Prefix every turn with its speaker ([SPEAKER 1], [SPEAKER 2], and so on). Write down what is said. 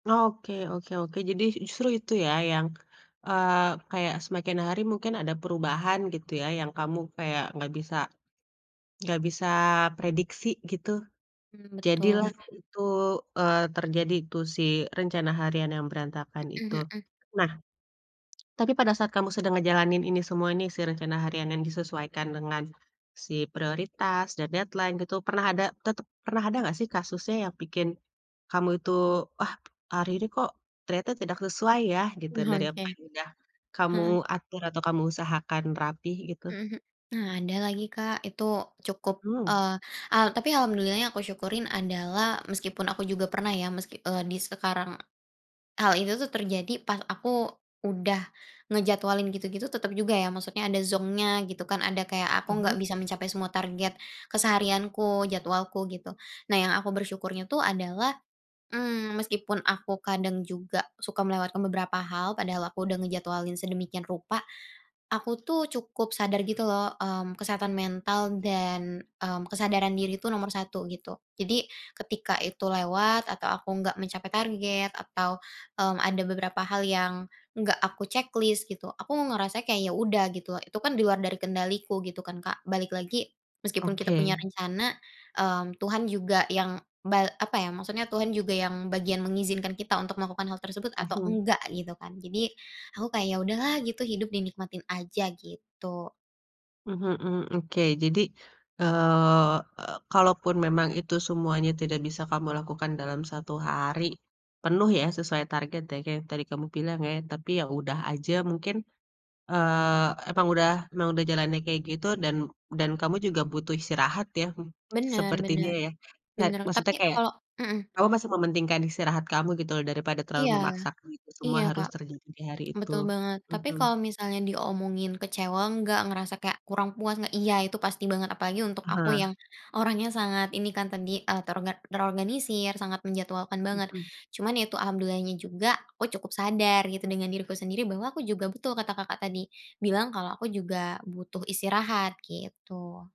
[SPEAKER 1] Oke oke oke, jadi justru itu ya, yang, eee, kayak semakin hari mungkin ada perubahan gitu ya, yang kamu kayak enggak bisa enggak bisa prediksi gitu.
[SPEAKER 2] Mmm,
[SPEAKER 1] Jadilah
[SPEAKER 2] betul.
[SPEAKER 1] itu, eee, terjadi tuh, si rencana harian yang berantakan itu.
[SPEAKER 2] Mhm, hmm.
[SPEAKER 1] Nah, tapi pada saat kamu sedang ngejalanin ini semua ini, si rencana harian yang disesuaikan dengan si prioritas dan deadline gitu, pernah ada, tetep pernah ada gak sih kasusnya yang bikin kamu itu, "Wah, hari ini kok ternyata tidak sesuai ya?" Gitu,
[SPEAKER 2] Wah
[SPEAKER 1] dari apa
[SPEAKER 2] oke,
[SPEAKER 1] yang udah kamu
[SPEAKER 2] heeh.
[SPEAKER 1] atur atau kamu usahakan rapih gitu?
[SPEAKER 2] Mhm, m nah, ada lagi, Kak. Itu cukup,
[SPEAKER 1] Mhm.
[SPEAKER 2] eee, al tapi alhamdulillah-nya aku syukurin adalah, meskipun aku juga pernah ya, meski, eee, di sekarang. Hal itu tuh terjadi, pas aku udah ngejadwalin gitu-gitu, tetap juga ya maksudnya ada zonk-nya, gitu kan. Ada kayak aku enggak
[SPEAKER 1] Heeh.
[SPEAKER 2] bisa mencapai semua target keseharianku, jadwalku, gitu. Nah, yang aku bersyukurnya tuh adalah, mmm, meskipun aku kadang juga suka melewatkan beberapa hal, padahal aku udah ngejadwalin sedemikian rupa, aku tuh cukup sadar gitu loh, mmm, kesehatan mental dan, mmm, kesadaran diri itu nomor 1 gitu. Jadi, ketika itu lewat atau aku enggak mencapai target, atau, mmm, ada beberapa hal yang enggak aku checklist gitu, aku ngerasanya kayak ya udah gitu. Itu kan di luar dari kendaliku gitu kan, Kak. Balik lagi, meskipun kita
[SPEAKER 1] Oke.
[SPEAKER 2] punya rencana, mmm, Tuhan juga yang ba apa ya, maksudnya Tuhan juga yang bagian mengizinkan kita untuk melakukan hal tersebut atau
[SPEAKER 1] Mhm.
[SPEAKER 2] enggak gitu kan. Jadi, aku kayak "Ya udahlah gitu, hidup dinikmatin aja," gitu.
[SPEAKER 1] Mhm mhm. Oke, jadi, eee e kalaupun memang itu semuanya tidak bisa kamu lakukan dalam 1 hari penuh ya, sesuai target ya, kaya yang tadi kamu bilang ya. Tapi ya udah aja, mungkin, eee, emang udah emang udah jalannya kayak gitu dan dan kamu juga butuh istirahat ya
[SPEAKER 2] Benar
[SPEAKER 1] sepertinya
[SPEAKER 2] benar,
[SPEAKER 1] ya. Ca
[SPEAKER 2] benar, tapi
[SPEAKER 1] maksudnya kayak,
[SPEAKER 2] kalau heeh.
[SPEAKER 1] kamu masih mementingkan istirahat kamu gitu loh daripada terlalu
[SPEAKER 2] Iya,
[SPEAKER 1] memaksakan itu semua
[SPEAKER 2] iya,
[SPEAKER 1] harus
[SPEAKER 2] Kak,
[SPEAKER 1] terjadi di hari itu.
[SPEAKER 2] betul banget. Tapi
[SPEAKER 1] Heeh.
[SPEAKER 2] kalau misalnya diomongin kecewa enggak, ngerasa kayak kurang puas enggak? Iya, itu pasti banget. Apalagi untuk aku
[SPEAKER 1] Aha.
[SPEAKER 2] yang orangnya sangat ini kan, terdi eee, terorganisir, sangat menjadwalkan banget.
[SPEAKER 1] Mhm.
[SPEAKER 2] Cuman itu alhamdulilah nya juga, aku cukup sadar gitu dengan diriku sendiri bahwa aku juga betul, kata Kakak tadi bilang, kalau aku juga butuh istirahat, gitu.